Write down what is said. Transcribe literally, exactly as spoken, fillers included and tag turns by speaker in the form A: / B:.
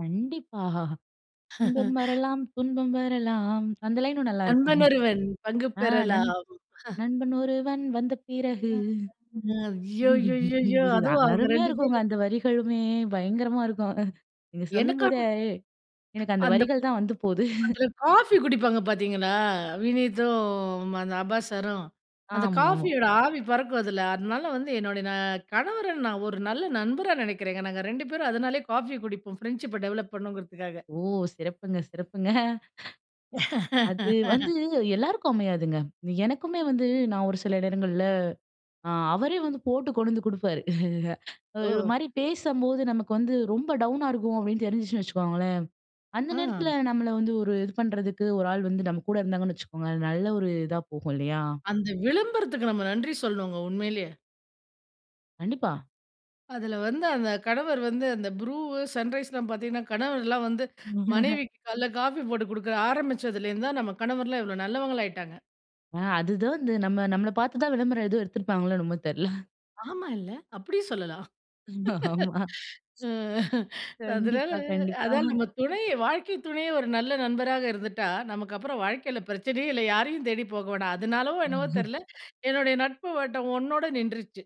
A: கண்டிப்பா, இன்பம் வரலாம் துன்பம் வரலாம். அந்த லைனும் நல்லா இருக்கும்.
B: நண்பன் ஒருவன் பங்கு
A: ஆ, நண்
B: பெறலாம்.
A: நண்பன் ஒருவன் வந்த பிறகு.
B: [unintelligible] ஐயயோ! ஐயயோ! ஐயயோ அதுவும் அவங்க
A: அருமையா
B: ரெண்டு
A: இருக்குங்க
B: பேரும்.
A: அந்த வரிகளுமே, பயங்கரமா இருக்கும். நீங்க
B: எனக்கா?
A: சொல்லும்போதே எனக்கு அந்த
B: அந்தப்
A: வரிகள் தான் வந்து போது.
B: அதுல காபி குடிப்பாங்க பாத்தீங்களா, வினீத்தும் அந்த அப்பாஸ் சாரும், அந்த
A: ஆமா.
B: காபியோட ஆவி பறக்கும் அதுல, அதனால வந்து என்னுடைய நா கணவர நான் ஒரு நல்ல நண்பரா நினைக்கிறேங்க. நாங்க ரெண்டு பேரும் அதனாலயே காபி குடிப்போம் பிரண்ட்ஷிப்ப டெவலப் பண்ணுங்கிறதுக்காக.
A: ஓ! சிறப்புங்க. சிறப்புங்க. அது வந்து எல்லாருக்கும் அமையாதுங்க. எனக்குமே வந்து, நான் ஒரு சில நேரங்கள்ல, அ அவரே வந்து போட்டு கொண்டு வந்து குடுப்பாரு ஒரு
B: ஓ!
A: மாரி பேசும் போது நமக்கு வந்து ரொம்ப டவுனா இருக்கும் அப்டின்னு தெரிஞ்சிருச்சுன்னு வச்சுக்கோங்களேன், அந்த
B: அ.
A: நேரத்துல நம்மள வந்து ஒரு இது பண்றதுக்கு ஒரு ஆள் வந்து நம்ம கூட இருந்தாங்கன்னு வச்சுக்கோங்க, நல்ல ஒரு இதா போகும் இல்லையா?
B: அந்த விளம்பரத்துக்கு நம்ம நன்றி சொல்லணுங்க உண்மையிலேயே.
A: கண்டிப்பா.
B: அதுல வந்து அந்த கணவர் வந்து அந்த புரூ, சன்ரைஸ்லாம் பாத்தீங்கன்னா கணவர்லாம் வந்து, மனைவிக்கு காலைல காபி போட்டு குடுக்க ஆரம்பிச்சதுலருந்து தான் நம்ம கணவர்லாம் இவ்ளோ நல்லவங்களாயிட்டாங்க.
A: ஆ அதுதான் இந்த நம்ம, நம்மள பார்த்து தான் விளம்பரம் இது எடுத்திருப்பாங்களோ என்னமோ தெர்ல.
B: ஆமால்ல அப்டியும் சொல்லலாம்.
A: ஆமா.
B: அ அதனால
A: கண்டிப்பா.
B: அதான்
A: கண்டிப்பா.
B: நம்ம துணை, வாழ்க்கை துணையே ஒரு நல்ல நண்பராக இருந்துட்டா, நமக்கப்புறம் வாழ்க்கைல பரச்சனையே இல்ல, யாரையும் தேடிப் போக வேணாம். அதனாலோ என்னவோ தெர்ல, என்னுடைய நட்பு வட்டம் ஒன்னோட நின்றுச்சு.